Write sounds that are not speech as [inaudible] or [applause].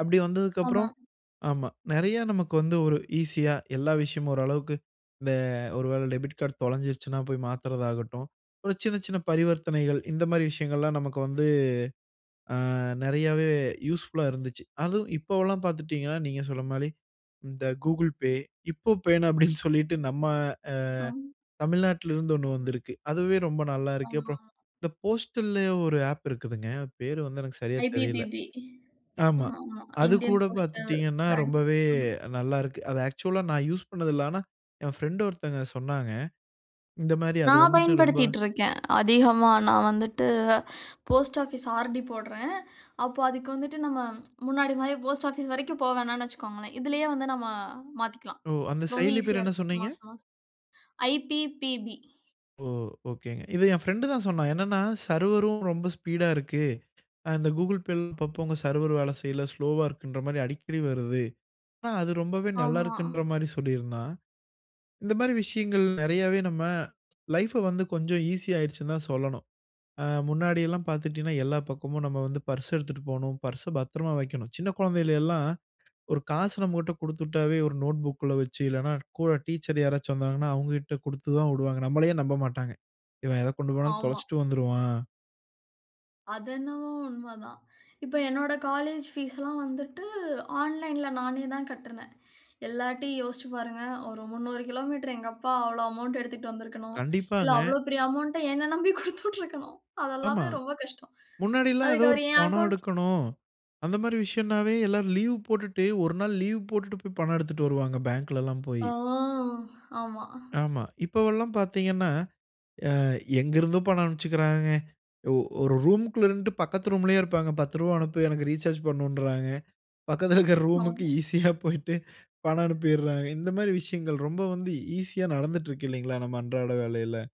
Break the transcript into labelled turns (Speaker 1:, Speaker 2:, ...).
Speaker 1: அப்படி
Speaker 2: ஆமா.
Speaker 1: வந்ததுக்கப்புறம் ஆமா நெறைய நமக்கு வந்து, ஒரு ஈஸியா, எல்லா விஷயமும் ஓரளவுக்கு, இந்த ஒரு வேள டெபிட் கார்ட் தொலஞ்சிடுச்சுனா போய் மாத்துறதாகட்டும், ஒரு சின்ன சின்ன பரிவர்த்தனைகள். இந்த மாரி விஷயங்கள்லாம், நமக்கு வந்து. அ, நெறையாவே யூஸ்ஃபுல்லா இருந்துச்சு. அதுவும் இப்பவெல்லாம் பாத்துட்டிங்கன்னா, நீங்க சொன்ன மாரி, இந்த கூகுள் பே, இப்பபேன்னு அப்படின்னு சொல்லிட்டு நம்ம அ
Speaker 2: அம்
Speaker 1: தமிழ்நாட்ல இருந்து ஒண்ணு வந்திருக்கு. அதுவே ரொம்ப
Speaker 2: ஆமா.
Speaker 1: நல்லாருக்குப்ப.
Speaker 2: ம்.
Speaker 1: இந்த போஸ்டல்ல ஒரு ஆப் இருக்குதுங்க, அது பேர் வந்து எனக்கு சரியா தெரில.
Speaker 2: ஐ.பி.பி.பி
Speaker 1: ஆமா.
Speaker 2: ஆமா, ஆமா.
Speaker 1: அது
Speaker 2: இண்டியன்
Speaker 1: கூட
Speaker 2: போஸ்டல்
Speaker 1: பாத்துட்டீங்கனா,
Speaker 2: பேங்க்.
Speaker 1: ரொம்பவே
Speaker 2: ம்.
Speaker 1: நல்லா இருக்கு. அது ஆக்சுவல்லா நான் யூஸ் பண்ணது இல்ல. ஆனா, என் பிரெண்ட் ஒருத்தங்க சொன்னாங்க. இந்த மாரி அது
Speaker 2: நான்
Speaker 1: வந்துட்டு ரொம்ப
Speaker 2: பயன்படுத்திட்டுருக்கேன். அதிகமா நான் வந்துட்டு, போஸ்ட் ஆபீஸ் ஆர்.டி போட்றேன். அப்ப அதுக்கு வந்துட்டு, நம்ம [tsk] முன்னாடி மாரி, போஸ்ட் ஆபீஸ் வரைக்கும் போ வேணானு வச்சுக்கோங்களேன். இதிலயே வந்து நம்ம மாத்திகிலாம்.
Speaker 1: ஓ! அந்த
Speaker 2: ரொம்ப
Speaker 1: செயலி பேரு
Speaker 2: ஈசியா
Speaker 1: என்ன
Speaker 2: இருக்கு.
Speaker 1: சொன்னீங்க?
Speaker 2: மாசம், மாசம். ஐ.பி.பி.பி.
Speaker 1: ஓ! ஒகேங்க. இத என் பிரெண்டு தான் சொன்னான். என்னனா சர்வரும் ரொம்ப ஸ்பீடா இருக்கு. இந்த கூகிள் பேள் இப்ப போங்க, சர்வரும் வேல செய்யல. ஸ்லோவா இருக்குன்ற மாரி, அடிக்கடி வருது. ஆனா, அது ரொம்பவே நல்லா
Speaker 2: ஆமா.
Speaker 1: இருக்குன்ற மாரி சொல்லிருந்தான். இந்த மாரி விஷயங்கள், நெறையாவே நம்ம லைஃப்ப வந்து, கொஞ்சம் ஈசியாயிருச்சுன்னு தான் சொல்லணும். அ முன்னாடியெல்லாம் பாத்திட்டீங்கன்னா, எல்லா பக்கமும் நம்ம வந்து பர்ஸ் எடுத்துட்டு போணும். பர்ஸ பத்திரமா வக்கணும். சின்ன குழந்தைகள் எல்லாம், ஒரு காசு நம்மகிட்ட குடுத்துட்டாவே ஒரு நோட்புக்ல வச்சு, இல்லன்னா கூட டீச்சர் யாராச்சும் வந்தாங்கன்னா, அவுங்ககிட்ட குடுத்து தான் விடுவாங்க. நம்மளயே நம்ப மாட்டாங்க. இவன் எத கொண்டு போனாலும்,
Speaker 2: ஆமா.
Speaker 1: தொலச்சுட்டு வந்துருவான்.
Speaker 2: அது என்னவோ உண்மதான். இப்ப என்னோட காலேஜ் பீஸ்செல்லாம் வந்துட்டு, ஆன்லைன்ல நானே தான் கட்டனேன். எல்லார்ட்டயும் யோசிச்சு பாருங்க. ஒரு 300 கிலோமீட்டர் எங்க அப்பா அவ்ளோ அமவுண்டு எடுத்துகிட்டு வந்திருக்கணும். இல்ல,
Speaker 1: கண்டிப்பாங்க.
Speaker 2: அவ்வளவு பெரிய அமவுண்ட்ட என்னை நம்பி குடுத்து விட்டுருக்கணும்.
Speaker 1: ஆமா.
Speaker 2: அதெல்லாமே ரொம்ப கஷ்டம்.
Speaker 1: முன்னாடில்லாம் ஏதோ
Speaker 2: அதுக்கு
Speaker 1: ஒரு
Speaker 2: அவர் என்
Speaker 1: பணம்
Speaker 2: அக்கவுண்ட்
Speaker 1: எடுக்கணும். அந்த மாரி விஷயனாவே எல்லாரும் லீவ் போட்டுட்டு, ஒரு நாள் லீவ் போட்டுட்டு போய், பணம் எடுத்துட்டு வருவாங்க. பேங்க்லலாம் போய்.
Speaker 2: அ ஆமா.
Speaker 1: ஆமா. இப்பவெல்லாம் பாத்தீங்கன்னா, அ எங்கருந்தும் பணம் அனுப்பிச்சுக்கிறாங்கங்க. ஒ ஒரு ரூமுக்குள்ள இருந்துட்டு பக்கத்து ரூம்லயே இருப்பாங்க. 10 ருவா அனுப்புயா, எனக்கு ரீசார்ஜ் பண்ணணுன்றாங்க. பக்கத்தில இருக்குற ரூமுக்கு
Speaker 2: ஆமா.
Speaker 1: ஈஸியா போய்ட்டு, பணம் அனுப்பிறாங்க. இந்த மாரி விஷயங்கள், ரொம்ப வந்து ஈஸியா நடந்துட்டுருக்கு இல்லைங்களா? நம்ம அன்றாட வேலைல?